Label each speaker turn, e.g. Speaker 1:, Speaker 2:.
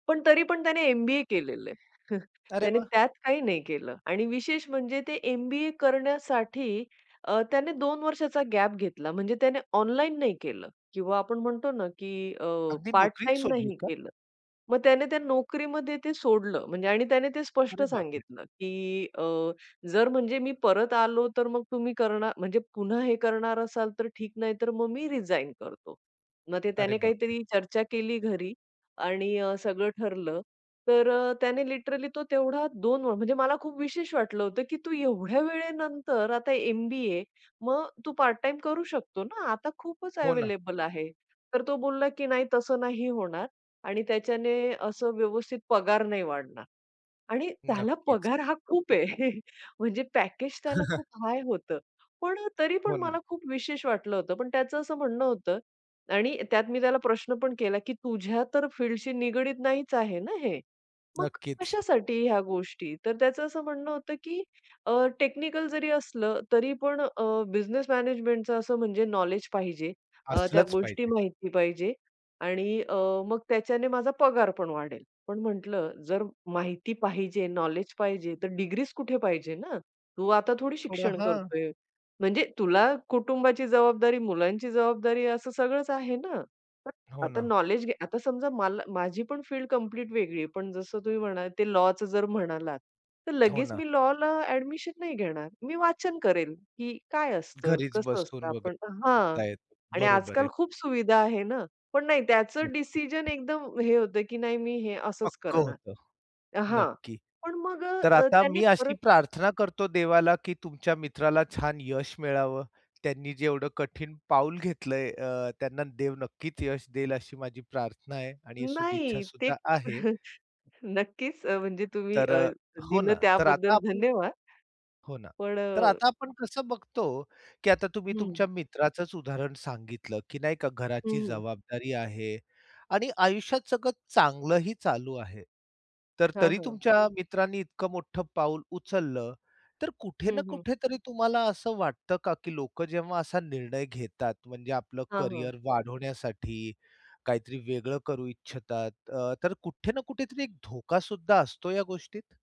Speaker 1: पण तरी पण त्याने एम-बी-ए केलेले आहे.
Speaker 2: अरे
Speaker 1: त्याने
Speaker 2: वाह!
Speaker 1: त्यात काही नाही केलं आणि विशेष म्हणजे ते एम-बी-ए करण्यासाठी अ, त्याने 2 वर्षाचा गॅप घेतला. म्हणजे त्याने ऑनलाईन नाही केलं किंवा आपण म्हणतो ना, की अ,
Speaker 2: अगदी
Speaker 1: पार्ट
Speaker 2: नोकरीच
Speaker 1: टाईम
Speaker 2: सोडली
Speaker 1: नाही
Speaker 2: का?
Speaker 1: केलं. मग त्याने त्या नोकरीमध्ये ते सोडलं म्हणजे आणि त्याने ते स्पष्ट
Speaker 2: अरे बापरे!
Speaker 1: सांगितलं, की अ, "जर म्हणजे मी परत आलो तर मग तुम्ही करणार म्हणजे पुन्हा हे करणार असाल तर ठीक नाही तर मग मी रिझाइन करतो." मग ते
Speaker 2: अरे
Speaker 1: त्याने
Speaker 2: बापरे!
Speaker 1: काहीतरी चर्चा केली घरी आणि सगळं ठरलं. तर अ, त्याने लिटरली तो तेवढा 2 म्हणजे मला खूप विशेष वाटलं होतं, की "तू एवढ्या वेळेनंतर आता एम-बी-ए मग तू पार्ट टाईम करू शकतो ना. आता खूपच
Speaker 2: हो ना.
Speaker 1: अव्हेलेबल आहे." तर तो बोलला, की "नाही, तसं नाही होणार आणि त्याच्याने असं व्यवस्थित पगार नाही वाढणार" आणि त्याला
Speaker 2: नक्कीच.
Speaker 1: पगार हा खूप आहे. म्हणजे पॅकेज त्याला खूप हाय होतं. पण अ, तरी पण
Speaker 2: हो ना.
Speaker 1: मला खूप विशेष वाटलं होतं पण त्याचं असं म्हणणं होतं आणि त्यात मी त्याला प्रश्न पण केला, की "तुझ्या तर फील्डशी निगडीत नाहीच आहे ना हे. मग
Speaker 2: नक्कीच.
Speaker 1: कशासाठी ह्या गोष्टी?" तर त्याचं असं म्हणणं होतं, की अ, "टेक्निकल जरी असलं तरी पण अ, बिझनेस मॅनेजमेंटचं असं म्हणजे नॉलेज पाहिजे. अ, त्या
Speaker 2: असलंच
Speaker 1: गोष्टी
Speaker 2: पाहिजे.
Speaker 1: माहिती पाहिजे आणि अ, मग त्याच्याने माझा पगार पण वाढेल." पण म्हटलं, "जर माहिती पाहिजे, नॉलेज पाहिजे तर डिग्रीज कुठे पाहिजे ना. तू आता थोडी
Speaker 2: थोडा,
Speaker 1: शिक्षण
Speaker 2: हां.
Speaker 1: करतोय म्हणजे तुला कुटुंबाची जबाबदारी, मुलांची जबाबदारी असं सगळंच आहे ना.
Speaker 2: हो
Speaker 1: आता
Speaker 2: ना.
Speaker 1: नॉलेज घे." आता समजा मला माझी पण फील्ड कंप्लीट वेगळी आहे. पण जसं तुम्ही म्हणालात ते लॉचं जर म्हणालात तर
Speaker 2: हो
Speaker 1: लगेच
Speaker 2: ना.
Speaker 1: मी लॉला ॲडमिशन नाही घेणार. मी वाचन करेल, की काय असतं,
Speaker 2: घरीच
Speaker 1: कसं असतं.
Speaker 2: बसून
Speaker 1: आपण
Speaker 2: वगैरे
Speaker 1: हां
Speaker 2: [unintelligible]
Speaker 1: आणि
Speaker 2: बरोबर
Speaker 1: आजकाल
Speaker 2: आहे.
Speaker 1: खूप सुविधा आहे ना. पण नाही त्याचं डिसिजन एकदम हे होतं, की "नाही, मी हे असंच
Speaker 2: पक्कं
Speaker 1: करणार."
Speaker 2: होतं.
Speaker 1: हां
Speaker 2: नक्की.
Speaker 1: पण मग
Speaker 2: तर
Speaker 1: अ,
Speaker 2: आता
Speaker 1: त्याने
Speaker 2: मी
Speaker 1: परत
Speaker 2: अशी प्रार्थना करतो देवाला, की तुमच्या मित्राला छान यश मिळावं. त्यांनी जेवढं कठीण पाऊल घेतलंय अ, त्यांना देव नक्कीच यश देईल अशी माझी प्रार्थना आहे आणि सदिच्छा
Speaker 1: नाही ते
Speaker 2: सुद्धा आहे.
Speaker 1: नक्कीच अ, म्हणजे तुम्ही
Speaker 2: तर
Speaker 1: अ,
Speaker 2: अ हो
Speaker 1: दिलं
Speaker 2: ना. तर आता
Speaker 1: त्याबद्दल
Speaker 2: आपण
Speaker 1: धन्यवाद.
Speaker 2: हो ना,
Speaker 1: पण अ
Speaker 2: तर आता आपण कसं बघतो, की आता तुम्ही
Speaker 1: हं.
Speaker 2: तुमच्या मित्राचंच उदाहरण सांगितलं, की नाही का, घराची
Speaker 1: हं.
Speaker 2: जबाबदारी आहे आणि आयुष्यात सगळं चांगलंही चालू आहे. तर
Speaker 1: हां,
Speaker 2: तरी
Speaker 1: हां.
Speaker 2: तुमच्या मित्रांनी इतकं मोठं पाऊल उचललं तर कुठे ना
Speaker 1: हं, हं.
Speaker 2: कुठे तरी तुम्हाला असं वाटतं का, की लोकं जेव्हा असा निर्णय घेतात म्हणजे आपलं
Speaker 1: हां, हां.
Speaker 2: करिअर वाढवण्यासाठी, काहीतरी वेगळं करू इच्छितात अ, तर कुठे ना कुठेतरी एक धोका सुद्धा असतो या गोष्टीत?